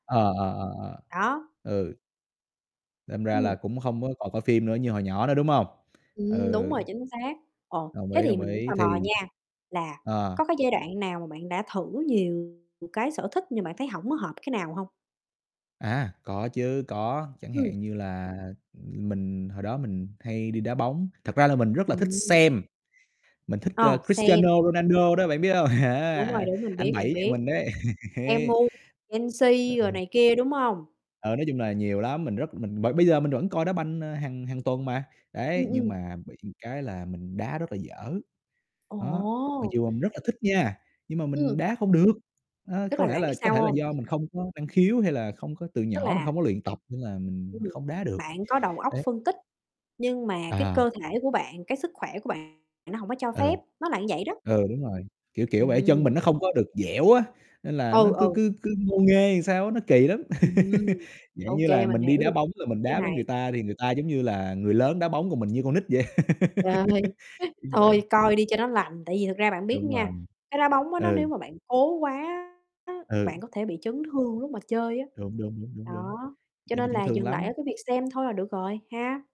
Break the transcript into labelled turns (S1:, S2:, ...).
S1: Ờ, ờ, ờ,
S2: Đó.
S1: ờ, ừ. Đâm ra
S2: Ừm.
S1: là cũng không có còn coi phim nữa như hồi nhỏ nữa, đúng hông?
S2: Ừm, đúng
S1: Ừ.
S2: rồi, chính xác. Ồ,
S1: Đồng
S2: thế
S1: ý,
S2: thì
S1: đồng
S2: mình cũng
S1: ý,
S2: tò mò
S1: thì
S2: nha, là
S1: à.
S2: có cái giai đoạn nào mà bạn đã thử nhiều cái sở thích nhưng bạn thấy hổng có hợp cái nào hông?
S1: À, có chứ, có, chẳng
S2: Ừm.
S1: hạn như là mình hồi đó mình hay đi đá bóng thật ra là mình rất là thích
S2: Ừm.
S1: xem, mình thích, ơ,
S2: Ờ, xem.
S1: Cristiano Ronaldo đó, bạn biết hông?
S2: Đúng rồi, đúng, mình
S1: Anh
S2: biết, mình
S1: Bảy nhà
S2: biết,
S1: mình đấy.
S2: MU,
S1: Đỡ
S2: Chelsea rồi
S1: ha.
S2: này kia, đúng hông?
S1: Ờ, nói chung là nhiều lắm, mình rất mình b bây giờ mình vẫn coi đá banh, ờ, hàng hàng tuần mà, đấy.
S2: Ừm,
S1: Nhưng
S2: ừm.
S1: mà bị cái là mình đá rất là dở, đó, mặc
S2: Ồ.
S1: dù mình rất là thích nha, nhưng mà
S2: Ừm.
S1: mình đá không được. Đó,
S2: Tức
S1: có
S2: là
S1: lẽ
S2: bạn biết
S1: là có
S2: sao
S1: thể là
S2: hông?
S1: do mình không có năng khiếu, hay là không có từ
S2: Tức
S1: nhỏ mình
S2: là
S1: hông có luyện tập nên là
S2: Ừm,
S1: mình không đá được,
S2: bạn có đầu óc
S1: đấy.
S2: phân tích, nhưng mà cái
S1: À.
S2: cơ thể của bạn, cái sức khỏe của bạn nó hổng có cho
S1: Ừ.
S2: phép, nó là vậy đó.
S1: Ừ, đúng rồi, kiểu kiểu vậy, chân mình
S2: Ừm.
S1: nó không có được dẻo á, nên là nó
S2: Ừ,
S1: cứ
S2: ừ.
S1: cứ cứ ngô nghê làm sao á, nó kỳ lắm.
S2: Ừm,
S1: Dạng
S2: ô
S1: như là,
S2: kê, mình
S1: mình đi
S2: hiểu
S1: đá
S2: được
S1: bóng rồi mình
S2: cái
S1: đá với người
S2: này.
S1: ta thì người ta, giống như là, người lớn đá bóng, còn mình như con nít vậy,
S2: Trời,
S1: kiểu như vậy.
S2: thôi, coi đi cho nó lành, tại vì thực ra bạn biết
S1: Đúng
S2: nha,
S1: rồi,
S2: cái đá bóng á, nó nếu
S1: ừ.
S2: mà bạn cố quá bạn
S1: Ừ.
S2: có thể bị chấn thương lúc mà chơi á.
S1: Đúng, đúng, đúng, đúng, đúng,
S2: Đó, cho
S1: dễ bị
S2: nên
S1: chấn
S2: là
S1: thương
S2: dừng lại ở
S1: lắm.
S2: cái việc xem thôi là được rồi, ha!